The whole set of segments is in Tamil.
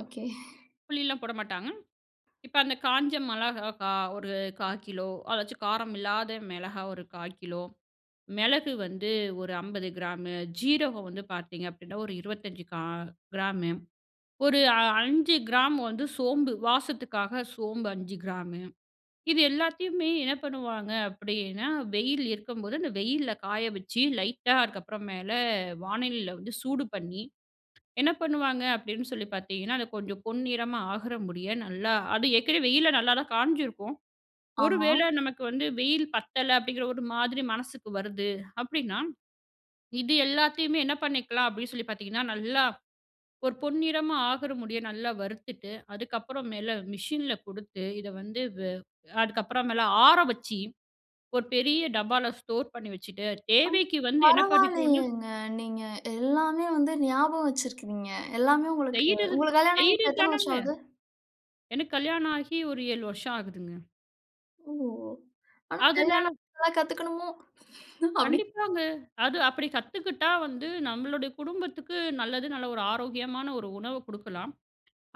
ஓகே! புளிலாம் போடமாட்டாங்க. இப்ப அந்தக் காஞ்ச மெளகாய் கா ஒரு 1/4 கிலோ அதாச்சு காரம் இல்லாத மெளகா ஒரு 1/4 கிலோ. மெளகு வந்து, ஒரு 50 கிராமு. ஜீரகம் வந்து பார்த்தீங்க அப்டினா, ஒரு 25 கிரா- கிராமு ஒரு அ 5 கிராமு வந்து சோம்பு வாசத்துக்காக, சோம்பு 5 கிராமு இது எல்லாத்தயுமே என்ன பண்ணுவாங்க? அப்டின்னா, வெயில் இருக்கும்போது, அந்த வெயில்ல காய வச்சு, லைட்டா அதுக்கப்புறம் மேல வானலில்ல வந்து சூடு பண்ணி, என்ன பண்ணுவாங்க, அப்டின்னு சொல்லிப் பார்த்தீங்கன்னா, அது கொஞ்ச பொன் நிறமா ஆகுற முடிய நல்ல, அது ஏற்கனவே வெயில்ல நல்லாதான் காஞ்சுயிருக்கும். ஒருவேள ஆமா. நமக்கு வந்து வெயில் பத்தல, அப்டிங்குற ஒரு மாதிரி மனசுக்கு வருது அப்டின்னா, இது எல்லாத்தயுமே என்ன பண்ணிக்கலாம்? அப்டி சொல்லிப் பாத்தீங்கன்னா, நல்லா ஒரு பொன் நிறமா ஆகிற முடிய நல்லா வறுத்துட்டு, அதுக்கப்புறம் மேல மெஷின்ல குடுத்து, இத வந்து வ அதுக்கப்புறம் மேல ஆற வச்சு, ஒரு பெரிய டப்பால ஸ்டோர் பண்ணி வச்சிட்டு, ஆ! தேவைக்கு வந்து என்ன பண்ணிக்கணும்னா பரவாயில்லயேங்க, நீங்க எல்லாமே வந்து ஞாபகம் வச்சிருக்கீங்க. எல்லாமே உங்களுக்கு செய்யுறது உங்களுக்குக் கல்யாணம் ஆயி செய்யுற இப்போ எத்தனை தானுங்க. வருஷம் ஆவது? எனக்குக் கல்யாணாகி ஒரு 7 வருஷம் ஆகுதுங்க. ஓ! ஆனா, அதுனால கல்யாணம் ஆனா இதெல்லாம் கத்துக்கணுமோ? அப்டி. கண்டிப்பாங்க. அது அப்டி கத்துக்கட்டா வந்து நம்மளோட குடும்பத்துக்கு நல்லது. நல்ல ஒரு ஆரோக்கியமான ஒரு உணவ குடுக்கலாம்.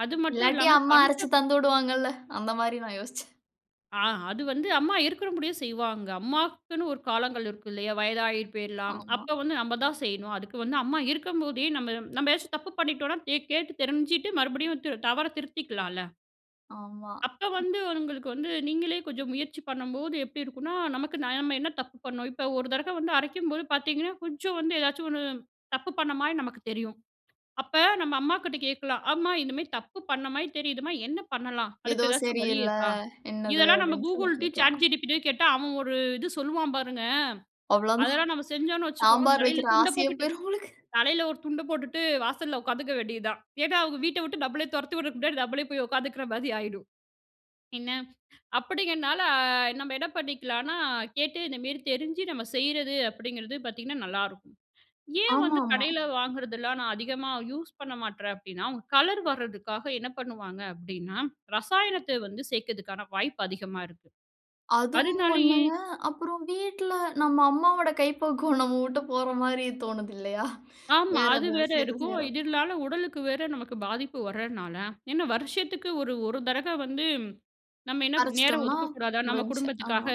அது மட்டும் இல்லாட்டி, இல்லாம, அம்மா பணத்த அரைச்சு தந்துவிடுவாங்கல்ல? அந்த மாரி நான் யோசிச்சேன். ஆ, அது வந்து அம்மா இருக்குற முடியும் செய்வாங்க. அம்மாக்குன்னு ஒரு காலங்கள் இருக்கு, இல்லையா? வயதாகி போயிரலாம். ஆமா. அப்ப வந்து, நம்ப தான் செய்யணும். அதுக்கு வந்து, அம்மா இருக்கும் போதே, நம்ப நம்ப ஏதாச்சும் தப்பு பண்ணிட்டோம்னா, தே கேட்டுத் தெரிஞ்சுட்டு, மறுபடியும் தி தவறத் திருத்திக்கலால? ஆமா. அப்ப வந்து, உங்களுக்கு வந்து நீங்களே கொஞ்சம் முயற்சி பண்ணும்போது, எப்டி இருக்கும்னா நமக்கு நாம என்ன தப்பு பண்ணோம்? இப்ப 1 தடக்க வந்து அரைக்கும்போது பாத்தீங்கன்னா, கொஞ்சம் வந்து எதாச்சும் ஒண்ணு தப்பு பண்ண மாரி நமக்குத் தெரியும். அப்ப, நம்ம அம்மா கிட்ட கேட்கலாம். அம்மா! இது மாரி தப்பு பண்ண மாரி தெரியுதுமா! என்ன பண்ணலாம்? ஏதோ அதுக்கு ஏதாச்சும் வழி சரியில்ல, இருக்கா? என்னது? இதெல்லாம் நம்ம அப்டின்னு சொல்லிக் Googleடயும், Chat கேட்கலாம். GPTடயும் கேட்டா, அவன் ஒரு இது சொல்லுவான் பாருங்க. அவ்ளோதான். அதெல்லாம் நம்ம செஞ்சோனு வச்சுக்கோங்க, சாம்பார் தலையில வைக்கிற துண்ட ஆசையே போட்டுட்டு போயிரும் உங்களுக்கு! தலையில ஒரு துண்ட போட்டுட்டு வாசல்ல உக்காந்துக்க வேண்டியது தான். ஏனா, அவங்க வீட்ட விட்டு நம்மள துரத்தி விட முன்னாடி நம்மளே போய் உக்காந்துக்குற மாரி ஆயிரும். என்ன! அப்டிங்கனால, நம்ம என்ன பண்ணிக்கலாம்னா, கேட்டு இந்த மேரி தெரிஞ்சு, நம்ம செய்றது அப்டிங்கறது பாத்தீங்கன்னா, நல்லா இருக்கும். ஏன் வந்து ஆமாமா. கடைல வாங்குறதெல்லாம் நான் அதிகமா யூஸ் பண்ண மாட்றேன் அப்டின்னா, அவங்க கலர் வர்றதுக்காக என்ன பண்ணுவாங்க அப்டின்னா, ரசாயனத்த வந்து சேக்கறதுக்கான வாய்ப்பு அதிகமா இருக்கு. அதுவும் அதுனாலயே ஒண்ணுங்க. அப்பறம் வீட்ல, நம்ம அம்மாவோட கைபக்குவம் நம்ம விட்டு போற மாரி தோணுது இல்லையா? ஆமா! வேற அது வேற ஏதாவது சேர்த்து இருக்கும். செய்யறப்போ. இதுனால உடலுக்கு வேற நமக்குப் பாதிப்பு வர்றனால, என்ன வருஷத்துக்கு ஒரு, 1 தரக வந்து நம்ம என்ன நேரம் அரைச்சுட்டோம்னா, ஒதுக்கக்கூடாதா? நம்ம முடிஞ்ச்சு. குடும்பத்துக்காக. ஆமா.